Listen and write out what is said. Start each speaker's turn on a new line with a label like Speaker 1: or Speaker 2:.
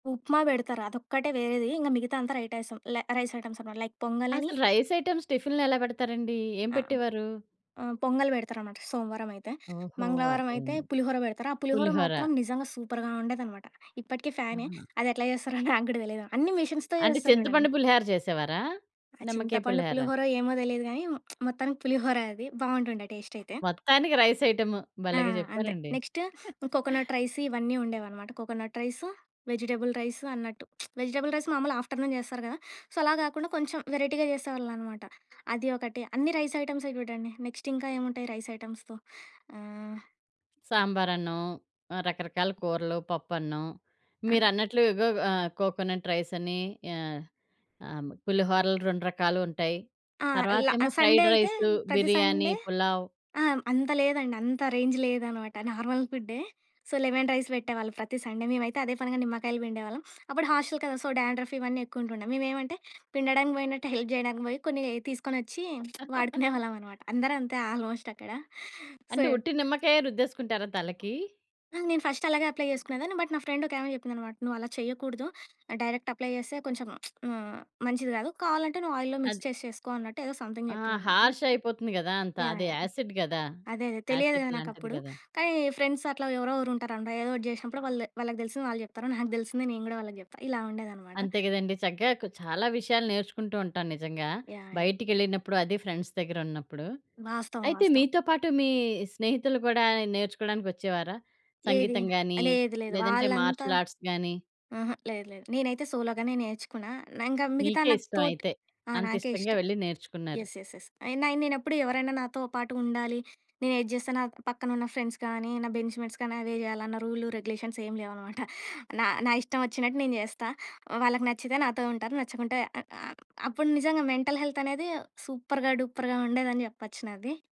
Speaker 1: ఉప్మా పెడతారు అదొక్కటే వేరేది ఇంక మిగతాదంతా రైటైసం ల రైస్ ఐటెమ్స్ అనమాట లైక్ పొంగ‌ల్ అని.
Speaker 2: అసలు రైస్ ఐటెమ్స్ టిఫిన్‌లో ఎలా పెడతారండి? ఏం
Speaker 1: అ! ఆ!
Speaker 2: పెట్టేవారు?
Speaker 1: ఆ! పొంగల్ పెడతారనమాట సోమవారం అయితే
Speaker 2: ఓహో!
Speaker 1: మంగళవారం అయితే
Speaker 2: అర్థమైంది.
Speaker 1: పులిహోర పెడతారు. ఆ పులిహోర
Speaker 2: పులిహోర.
Speaker 1: మాత్రం నిజంగా సూపర్‌గా ఉండేదనమాట. ఇప్పటికీ ఫ్యానే
Speaker 2: ఆహా!
Speaker 1: అది ఎట్లా చేస్తారో నాకు గూడా తెలీదు. అన్ని మిషన్స్‌తో
Speaker 2: అంటే
Speaker 1: జేస్తారు జూడండి.
Speaker 2: చింతపండు పులిహోర చేసేవారా?
Speaker 1: ఆ
Speaker 2: నిమ్మకాయ
Speaker 1: చింతపండు
Speaker 2: పులిహార.
Speaker 1: పులిహోర ఏమో తెలీదు గాని మొత్తానికి పులిహోర అది బావుంటుండే టేస్ట్ అయితే.
Speaker 2: మొత్తానికి రైస్ ఐటెమ్
Speaker 1: ఆ!
Speaker 2: భలేగా
Speaker 1: అంతే.
Speaker 2: చెప్పారండి.
Speaker 1: నెక్స్ట్ కోకోనట్ రైస్ ఇవన్నీ ఉండేవన్నమాట. కోకోనట్ రైస్, వెజిటబుల్ రైస్ అన్నట్టు వెజిటబుల్ రైస్ మామూలు ఆఫ్టర్నూన్ జేస్తారు గదా! సో అలా గాకుండా కొంచెం వెరైటీ‌గా చేసేవాళ్ళున్నమాట. అది ఒకటి అన్ని రైస్ ఐటెమ్సే చూడండి నెక్స్ట్ ఇంకా ఏమి ఉంటాయి రైస్ ఐటెమ్స్‌తో? ఆహ్.
Speaker 2: సాంబార్ అన్నం, రకరకాల కూరలు, పప్పన్నం. మీరన్నట్లు ఇగో ఆహ్, కోకోనట్ రైసని ఆహ్, ఆహ్, పులిహోరలు 2 రకాలు ఉంటాయి.
Speaker 1: ఆ! ల
Speaker 2: తర్వాతేమో
Speaker 1: సండే
Speaker 2: ఫ్రైడ్
Speaker 1: అయితే
Speaker 2: రైస్
Speaker 1: ప్రతి
Speaker 2: బిర్యానీ,
Speaker 1: సండే
Speaker 2: పులావ్.
Speaker 1: ఆ! అంత లేదండి. అంత రేంజ్ లేదనమాట నార్మల్ ఫు‌డ్డే. సో లెమన్ రైస్ పెట్టేవాళ్ళు ప్రతి సండే మేమైతే అదే పనిగా నిమ్మకాయలు పిండేవాళ్ళం అప్పుడు హాస్టల్ కదా! సో డాండ్రఫ్ ఇవన్నీ ఎక్కువుంటుండే. మేము ఏమంటే పిండడానికి పోయినట్టు హెల్ప్ చేయడానికి పోయి కొన్ని తీసుకొ‌నొచ్చి వాడుకునేవాళ్ళం అనమాట. అందరూ అంతే ఆల్మోస్ట్ అక్కడ. సో
Speaker 2: అంటే ఉట్టి నిమ్మకాయే రుద్దేసుకుంటారా తలకి?
Speaker 1: ఆ! నేను ఫస్ట్ అలాగే అప్లై చేసుకునేదాన్ని బట్ నా ఫ్రెండ్ ఒకామె చెప్పింది అన్నమాట. నువ్వు అలా చేయకూడదు డైరెక్ట్ అప్లై చేస్తే కొంచెం హ్మ్, మంచిది కాదు. కావాలంటే నువ్వు ఆయిల్‌లో మిక్స్
Speaker 2: అది.
Speaker 1: చేసి చేసుకో అన్నట్టు ఏదో సంథింగ్
Speaker 2: ఆ!
Speaker 1: చెప్పిందన్నమాట.
Speaker 2: హార్ష్ అయిపోతుంది గదా! అంత
Speaker 1: యాహ్!
Speaker 2: అది
Speaker 1: యాహ్!
Speaker 2: యాసిడ్ గదా!
Speaker 1: అదే అదే తెలియదు‌
Speaker 2: యాసిడ్
Speaker 1: గదా
Speaker 2: లాంటిది
Speaker 1: నాకప్పుడు.
Speaker 2: గదా!
Speaker 1: కానీ ఫ్రెండ్స్ అట్లా ఎవరో ఒగరు ఉంటారంట ఏదో ఒకటి చేసినప్పుడు వాళ్ళది వాళ్ళకి తెలిసింది వాళ్ళు చెప్తారు నాకు తెలిసింది నేను కూడా వాళ్ళకి చెప్తా ఇలా ఉండేదనమాట.
Speaker 2: అంతే గదండీ. చక్కగా క్ చాలా విషయాలు నేర్చుకుంటూ ఉంటాను నిజంగా
Speaker 1: యాహ్! యాహ్!
Speaker 2: బయటికేళ్ళినప్పుడు అది ఫ్రెండ్స్ దగ్గర ఉన్నప్పుడు.
Speaker 1: వాస్తవం.
Speaker 2: అయితే
Speaker 1: వాస్తవం.
Speaker 2: మీతో పాటు మీ స్నేహితులు కూడా నేర్చుకోవడానికి వచ్చేవారా?
Speaker 1: ఏది?
Speaker 2: సంగీతం గాని,
Speaker 1: లేదు. లేదు.
Speaker 2: లేదంటే
Speaker 1: వాళ్ళంతా
Speaker 2: మార్షిల్ ఆర్ట్స్ గాని.
Speaker 1: ఆహా! లేదు లేదు. నేనైతే సోలోగానే నేర్చుకున్నా. ఇంగా మిగతా
Speaker 2: మీకే
Speaker 1: నా
Speaker 2: ఇష్టం
Speaker 1: తోట్
Speaker 2: అయితే.
Speaker 1: ఆహ్,
Speaker 2: అంత
Speaker 1: నాకే
Speaker 2: ఇష్టంగా
Speaker 1: ఇష్టం.
Speaker 2: వెళ్ళి నేర్చుకున్నారు.
Speaker 1: యెస్. యెస్. యెస్. అయిన నే‌నేప్పుడు ఎవరైనా నాతో పాటు ఉండాలి. నేను ఏది చేస్తే నా పక్కన ఉన్న ఫ్రెండ్స్ గానీ నా బెంచ్‌మేట్స్ కానీ అవే జేయాలన్న రూల్ రెగ్యులేషన్స్ ఏం లేవనమాట. నా, నా ఇష్టం వచ్చినట్టు నేను చేస్తా. వాళ్ళకి నచ్చితే నాతో ఉంటారు. నచ్చకుంటే అప్పుడు నిజంగా మెంటల్ హెల్త్ అనేది సూపర్‌గా డూపర్‌గా ఉండేదని జెప్పొచ్చు నాది.